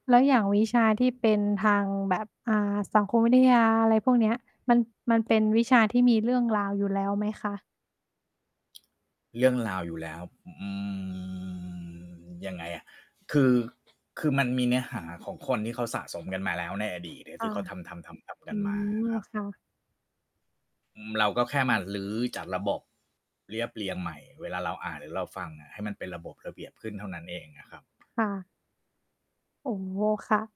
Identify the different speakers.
Speaker 1: แล้วอย่างวิชาที่เป็นทางแบบ อ่า สังคมวิทยา อะไรพวกเนี้ย มัน มันเป็นวิชาที่มีเรื่องราวอยู่แล้วไหมคะ?
Speaker 2: เรื่องราวอยู่แล้ว อืม ยังไงอะ คือ คือมันมีเนื้อหาของคนที่เขาสะสมกันมาแล้วในอดีตอะ
Speaker 1: อ
Speaker 2: ท
Speaker 1: า
Speaker 2: ี่เขาทำ ๆ ๆ ๆ ก
Speaker 1: อ
Speaker 2: ั
Speaker 1: ื
Speaker 2: นมาค
Speaker 1: ม
Speaker 2: รับ
Speaker 1: ค่ะ
Speaker 2: อืม เราก็แค่มารื้อจากระบบ เรียบเรียงใหม่ เวลาเราอ่าน หรือเราฟังอะ ให้มันเป็นระบบระเบียบขึ้นเท่านั้นเองอะครับ
Speaker 1: ค่ะ โอ้โฮ ค่ะ